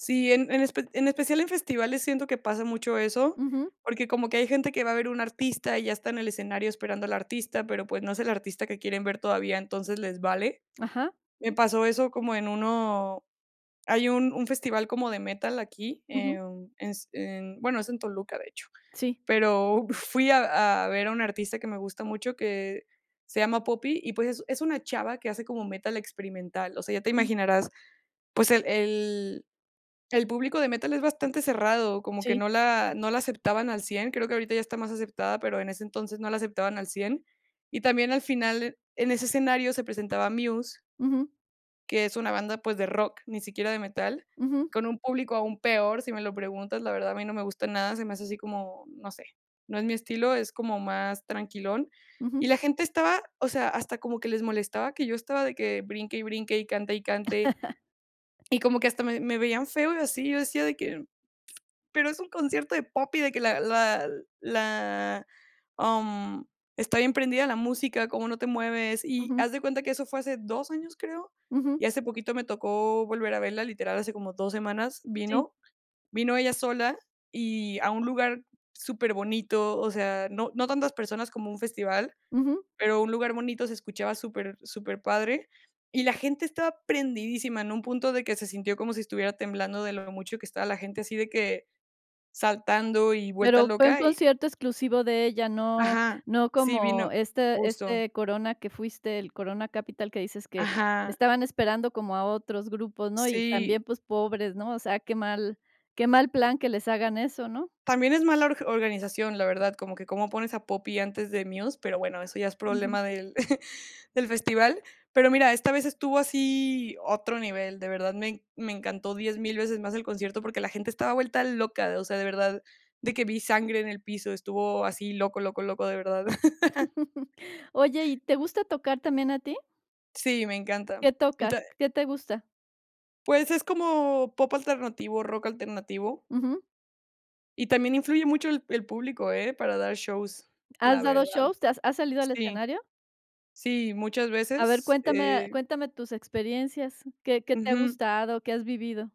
Sí, en en espe en especial en festivales, siento que pasa mucho eso, Ujú. porque como que hay gente que va a ver un artista y ya está en el escenario esperando al artista, pero, pues, no es el artista que quieren ver todavía, entonces les vale. Ajá. Me pasó eso como en uno hay un un festival como de metal aquí, Ujú. em, es en bueno, es en Toluca, de hecho. Sí. Pero fui a a ver a una artista que me gusta mucho, que se llama Poppy y, pues, es es una chava que hace como metal experimental. O sea, ya te Ujú. imaginarás, pues, el el el público de metal es bastante cerrado, como que Sí. no la no la aceptaban al 100, creo que ahorita ya está más aceptada, pero en ese entonces no la aceptaban al 100. Y también al final en ese escenario se presentaba Muse Ujú. que es una banda, pues de rock, ni siquiera de metal, Ujú. con un público aún peor. Si me lo preguntas, la verdad, a mí no me gusta nada, se me hace así como, no sé, no es mi estilo, es como más tranquilón. Y Ujú. la gente estaba o sea, hasta como que les molestaba que yo estaba de que brinque y brinque, y cante y cante. Y como que hasta me me veían feo y así, yo decía de que: "Pero es un concierto de Poppy, de que la la la am, está bien prendida la música, ¿cómo no te mueves?". Y Ujú. haz de cuenta que eso fue hace 2 años, creo. Ujú. Y hace poquito me tocó volver a verla. Literal, hace como 2 semanas Sí. vino vino ella sola y a un lugar superbonito, o sea, no no tantas personas como un festival, Ujú. pero a un lugar bonito. Se escuchaba super superpadre, y la gente estaba prendidísima, en un punto de que se sintió como si estuviera temblando de lo mucho que estaba la gente así, de que saltando y vuelta Pero fue un loca y concierto exclusivo de ella, no Ajá. no Sí, vino como este justo. este Corona que fuiste, el Corona Capital que dices que Ajá. estaban esperando como a otros grupos, ¿no? Y Sí. también, pues, pobres, ¿no? O sea, qué mal qué mal plan que les hagan eso, ¿no? También es mala org organización, la verdad, como que cómo pones a Poppy antes de Muse, pero, bueno, eso ya es Ujú. problema del del festival. Pero mira, esta vez estuvo así, otro nivel, de verdad, me en me encantó 10,000 veces más el concierto porque la gente estaba vuelta loca. O sea, de verdad, de que vi sangre en el piso, estuvo así loco, loco, loco, de verdad. Oye, ¿y te gusta tocar también a ti? Sí, me encanta. ¿Qué Y ta tocas? ¿Qué te gusta? Pues, es como pop alternativo, rock alternativo. Ujú. Y también influye mucho el el público, ¿eh? Para dar shows, ¿Has la dado verdad. shows? ¿Te has has salido al Sí. escenario? Sí, muchas A ver, veces, cuéntame eh cuéntame tus experiencias, ¿qué qué te ha Ujú. gustado? ¿Qué has vivido?